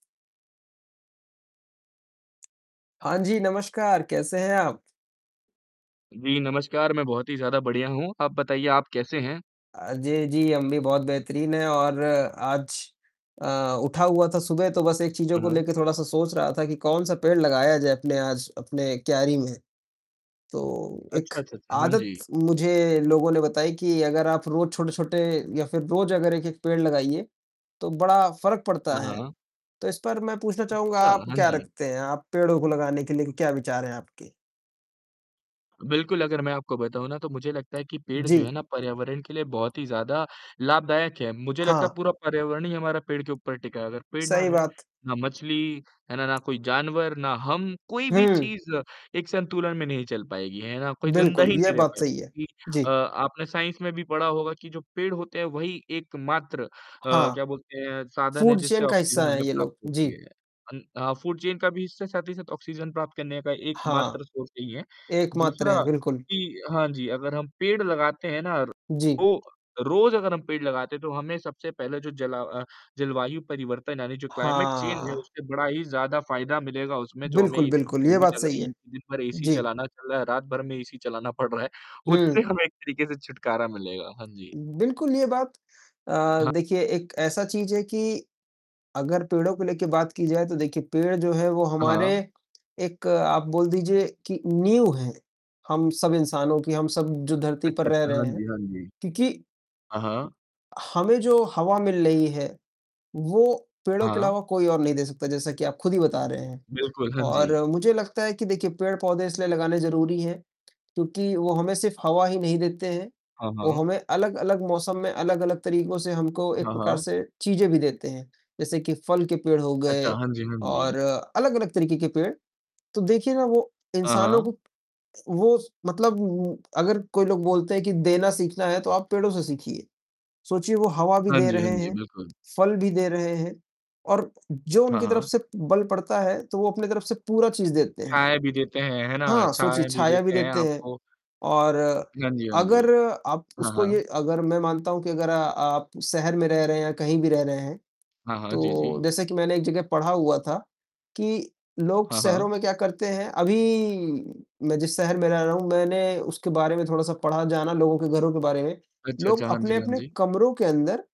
हाँ जी, नमस्कार, कैसे हैं आप? जी, नमस्कार, मैं बहुत ही ज़्यादा बढ़िया हूँ। आप बताइए, आप कैसे हैं? अ, जे जी, हम भी बहुत बेहतरीन हैं और आज अ, उठा हुआ था सुबह, तो बस एक चीज़ों अ, को हाँ। लेकर थोड़ा-सा सोच रहा था कि कौन-सा पेड़ लगाया जाए अपने आज अपने क्यारी में। तो एक अच्छा, अच्छा, अच्छा। हाँ आदत जी। मुझे लोगों ने बताई कि अगर आप रोज़ छोटे-छोटे या फिर रोज़ अगर एक-एक पेड़ लगाइए, तो बड़ा फ़र्क पड़ता हाँ, है, हाँ। तो इस पर मैं पूछना चाहूँगा, अच्छा, आप हाँ क्या जी। रखते हैं? आप पेड़ों को लगाने के लिए क्या विचार हैं आपके? बिल्कुल, अगर मैं आपको बताऊँ ना, तो मुझे लगता है कि पेड़ जो जी। है ना, पर्यावरण के लिए बहुत ही ज़्यादा लाभदायक है। मुझे लगता हाँ। है, पूरा पर्यावरण ही हमारा पेड़ के ऊपर टिका है, अगर पेड़ ना सही रहें, बात। ना मछली, है ना? ना कोई जानवर, ना हम, कोई भी हुँ। चीज़ एक संतुलन में नहीं चल पाएगी। है ना? कोई ज़िंदा बिल्कुल, ही यह नहीं रह बात पाएगा, सही है। क्योंकि अ, जी। आपने साइंस में भी पढ़ा होगा कि जो पेड़ होते हैं, वही एकमात्र अ, हाँ। क्या बोलते हैं? साधन है, फ़ूड चेन जिससे का हिस्सा ऑक्सीजन हैं हमें ये प्राप्त लोग। होती जी। है। अन अ, हाँ, फ़ूड चेन का भी इससे साथ ही साथ ऑक्सीजन प्राप्त करने का हाँ। एकमात्र सोर्स यही हैं, एकमात्र दूसरा हैं, बिल्कुल। कि हाँ जी, अगर हम पेड़ लगाते हैं ना, जी। तो रोज़ अगर हम पेड़ लगाते हैं, तो हमें सबसे पहले जो जला अ, जलवायु परिवर्तन, यानी जो क्लाइमेट चेंज है, हाँ। उससे बड़ा ही ज़्यादा फ़ायदा मिलेगा। उसमें जो हमें बिल्कुल, इतनी बिल्कुल, ये गर्मी बात लग सही रही है। है, दिन भर एसी जी। चलाना चल रहा है, रात भर में एसी चलाना पड़ रहा है, उससे हुँ। हमें एक तरीके से छुटकारा मिलेगा। हाँ जी। बिल्कुल, ये बात अ, हाँ। देखिए एक ऐसा चीज़ है कि अगर पेड़ों को लेके बात की जाए तो, देखिए, पेड़ जो है, वो अ, हमारे हाँ। एक आप बोल दीजिए कि नींव हैं, हम सब इंसानों की, हम सब जो धरती अच्छा, पर रह अच्छा। हाँ रहे हैं, जी, हाँ जी। क्योंकि हाँ, हाँ। हमें जो हवा मिल रही है, वो हाँ, पेड़ों के हाँ। अलावा कोई और नहीं दे सकता, जैसा कि आप खुद ही बता रहे हैं। बिल्कुल। हाँ और जी। मुझे लगता है कि देखिए, पेड़-पौधे इसलिए लगाने ज़रूरी हैं, क्योंकि वो हमें सिर्फ़ हवा ही नहीं देते हैं, हाँ, वो हाँ। हमें अलग-अलग मौसम में, अलग-अलग तरीकों से हमको एक हाँ, प्रकार हाँ। से चीज़ें भी देते हैं, जैसे कि फल के पेड़ हो अच्छा, गए, हाँ जी, हाँ जी। और अलग-अलग तरीके के पेड़। तो देखिए ना, वो अ, इंसानों हाँ। को वो मतलब अगर कोई लोग बोलते हैं कि देना सीखना है, तो आप पेड़ों से सीखिए। सोचिए, वो हवा भी हाँ दे जी, हाँ रहे जी, हैं, बिल्कुल। फल भी दे रहे हैं, और जो हाँ, उनकी तरफ हाँ। से बल पड़ता है, तो वो अपनी तरफ से पूरा चीज़ देते हैं। छाया भी देते हैं, है ना? हाँ, सोचिए, छाया भी छाया भी देते हैं देते हैं, आपको। और हाँ जी, हाँ जी। अगर आप हाँ, उसको ये हाँ। अगर मैं मानता हूँ कि अगर आप शहर में रह रहे हैं, या कहीं भी रह रहे हैं, हाँ, हाँ। जी, तो जी। जैसे कि मैंने एक जगह पढ़ा हुआ था कि लोग हाँ, शहरों हाँ। में क्या करते हैं अभी मैं जिस शहर में रह रहा हूँ, मैंने उसके बारे में थोड़ा-सा पढ़ा, जाना, लोगों के घरों के बारे में। अच्छा, लोग अच्छा, हाँ जी, हाँ अपने-अपने जी। कमरों के अंदर